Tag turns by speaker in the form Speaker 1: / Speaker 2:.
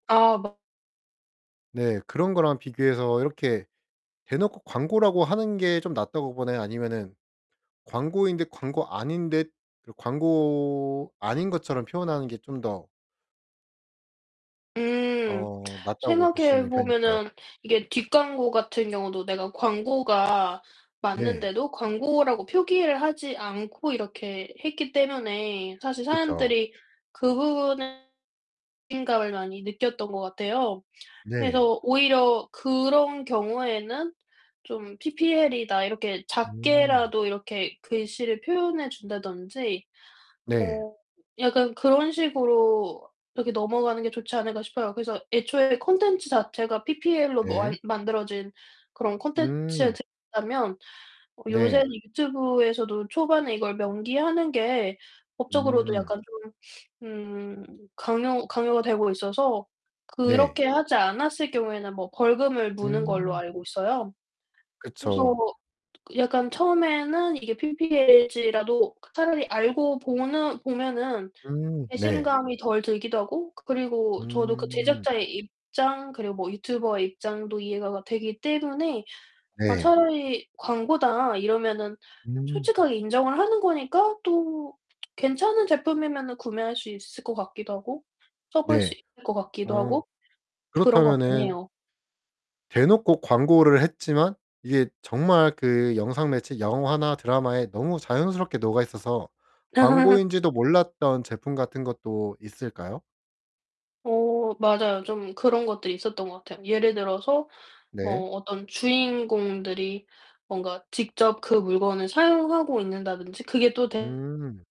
Speaker 1: 아 막
Speaker 2: 네 그런 거랑 비교해서 이렇게 대놓고 광고라고 하는 게 좀 낫다고 보나요? 아니면은 광고인 듯 광고 아닌듯 그런 광고 아닌 것처럼 표현하는 게 좀 더
Speaker 1: 음.
Speaker 2: 어 낫다고
Speaker 1: 생각해
Speaker 2: 보시는 편인가요?
Speaker 1: 보면은 이게 뒷광고 같은 경우도 내가 광고가
Speaker 2: 네.
Speaker 1: 맞는데도 광고라고 표기를 하지 않고 이렇게 했기 때문에 사실
Speaker 2: 그쵸.
Speaker 1: 사람들이 그 부분은 배신감을 많이 느꼈던 것 같아요.
Speaker 2: 네.
Speaker 1: 그래서 오히려 그런 경우에는 좀 "ppl이다." 이렇게
Speaker 2: 음.
Speaker 1: 작게라도 이렇게 글씨를 표현해 준다든지
Speaker 2: 네.
Speaker 1: 어 약간 그런 식으로 이렇게 넘어가는 게 좋지 않을까 싶어요. 그래서 애초에 콘텐츠 자체가 ppl로 뭐 안
Speaker 2: 네.
Speaker 1: 만들어진 그런 콘텐츠
Speaker 2: 음.
Speaker 1: [unintelligible] 다면 요새는
Speaker 2: 네.
Speaker 1: 유튜브에서도 초반에 이걸 명기하는 게 법적으로도
Speaker 2: 음.
Speaker 1: 약간 좀 음 강요 강요가 되고 있어서
Speaker 2: 네.
Speaker 1: 그렇게 하지 않았을 경우에는 뭐 벌금을 무는 걸로
Speaker 2: 음.
Speaker 1: 알고 있어요. 그래서
Speaker 2: 그쵸.
Speaker 1: 약간 처음에는 이게 ppl일지라도 차라리 알고 보는 보면은
Speaker 2: 음 네.
Speaker 1: 배신감이 덜 들기도 하고 그리고 저도 그
Speaker 2: 음.
Speaker 1: 제작자의 입장 그리고 뭐 유튜버의 입장도 이해가 가 되기 때문에 아
Speaker 2: 네.
Speaker 1: 차라리 "광고다." 이러면은
Speaker 2: 음.
Speaker 1: 솔직하게 인정을 하는 거니까 또 괜찮은 제품이면은 구매할 수 있을 것 같기도 하고 써 볼 수
Speaker 2: 네.
Speaker 1: 있을 것 같기도
Speaker 2: 어
Speaker 1: 하고 그런 것 같긴
Speaker 2: 그렇다면은
Speaker 1: 해요.
Speaker 2: 대놓고 광고를 했지만 이게 정말 그 영상 매체 영화나 드라마에 너무 자연스럽게 녹아 있어서 광고인지도 몰랐던 제품 같은 것도 있을까요?
Speaker 1: 어 맞아요. 좀 그런 것들이 있었던 것 같아요. 예를 들어서
Speaker 2: 네.
Speaker 1: 뭐 어떤 주인공들이 뭔가 직접 그 물건을 사용하고 있다든지 그게 또 되
Speaker 2: 음.